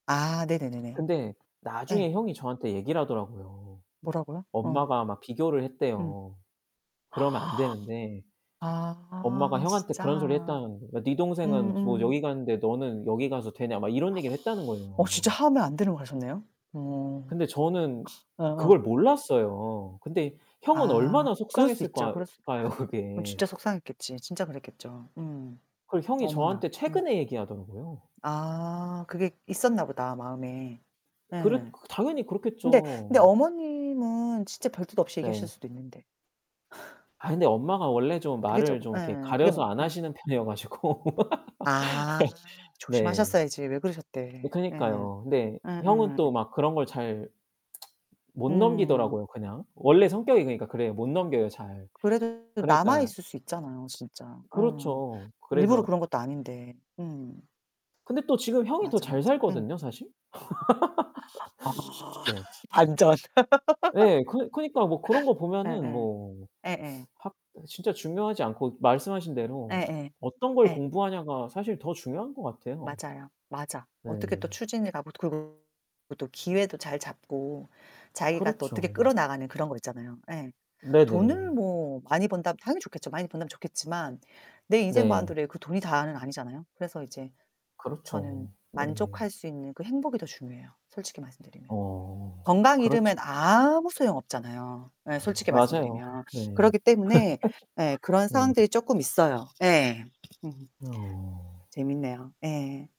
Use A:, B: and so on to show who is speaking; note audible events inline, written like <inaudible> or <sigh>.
A: 아 네네네네.
B: 근데
A: 예.
B: 나중에 형이 저한테 얘기를 하더라고요.
A: 뭐라고요? 어.
B: 엄마가 막 비교를
A: 음.
B: 했대요. 그러면 안 되는데
A: <gasps>
B: 엄마가
A: 아
B: 형한테 그런 소리
A: 진짜.
B: 했다는 거 "야 네 동생은 뭐 여기
A: 음음.
B: 갔는데 너는 여기 가서 되냐?" 막 이런 얘기를 했다는
A: <gasps> 어
B: 거예요.
A: 진짜 하면 안 되는 거 하셨네요? 어.
B: 근데 저는
A: 어어.
B: 그걸 몰랐어요. 근데 형은
A: 아
B: 얼마나
A: 그럴 수 있죠.
B: 속상했을까
A: 그럴 수
B: 까요,
A: 어
B: 그게.
A: 진짜 속상했겠지. 진짜 그랬겠죠. 음
B: 그걸 형이
A: 어머나.
B: 저한테
A: 음.
B: 최근에 얘기하더라고요.
A: 아 그게 있었나 보다 마음에.
B: 그렇
A: 예.
B: 당연히
A: 근데 근데
B: 그렇겠죠.
A: 어머님은 진짜 별 뜻 없이 얘기하실
B: 네.
A: 수도 있는데. <laughs>
B: 아 근데 엄마가 원래 좀
A: 그게
B: 말을
A: 쪼금
B: 좀 이렇게
A: 예 그게 뭐
B: 가려서 안
A: 예.
B: 하시는 편이어 가지고.
A: 아
B: <laughs> 네.
A: 조심하셨어야지 왜
B: 네
A: 그러셨대. 예.
B: 그니까요. 근데 형은
A: 음음.
B: 또 막 그런 걸 잘 못
A: 음.
B: 넘기더라고요, 그냥. 원래 성격이 그니까 그래요. 못 넘겨요 잘.
A: 그래도
B: 그러니까
A: 남아있을 수 있잖아요, 진짜. 어.
B: 그렇죠.
A: 일부러
B: 그래서
A: 그런 것도 아닌데 음.
B: 근데 또 지금 형이 더
A: 맞아, 맞아.
B: 잘
A: 음.
B: 살거든요, 사실.
A: <gasps> 아
B: <laughs> 네.
A: 반전.
B: 예. 그 그러니까 뭐 그런 거
A: <laughs>
B: 보면은
A: 예예.
B: 뭐
A: 예예.
B: <sucks teeth> 학 진짜 중요하지 않고 말씀하신 대로
A: 예예
B: 어떤 걸
A: 예.
B: 공부하냐가 사실 더 중요한 것 같아요.
A: 맞아요. 맞아.
B: 네.
A: 어떻게 또 추진해 가고 그리고 또 기회도 잘 잡고 자기가 또 어떻게
B: 그렇죠.
A: 끌어나가는 그런 거 있잖아요. 예. 돈을
B: 네네.
A: 뭐 많이 번다면 당연히 좋겠죠. 많이 번다면 좋겠지만 내 인생
B: 네.
A: 바운더리에 그 돈이 다는 아니잖아요. 그래서 이제 저는
B: 그렇죠. 네.
A: 만족할 수 있는 그 행복이 더 중요해요, 솔직히 말씀드리면.
B: 어
A: 건강 잃으면
B: 그렇죠.
A: 아무 소용 없잖아요, 예 솔직히
B: 맞아요.
A: 말씀드리면.
B: 네.
A: 그렇기 때문에 예 그런
B: <laughs> 네.
A: 상황들이 쪼끔 있어요. 예. 음.
B: 어.
A: 재밌네요. 예.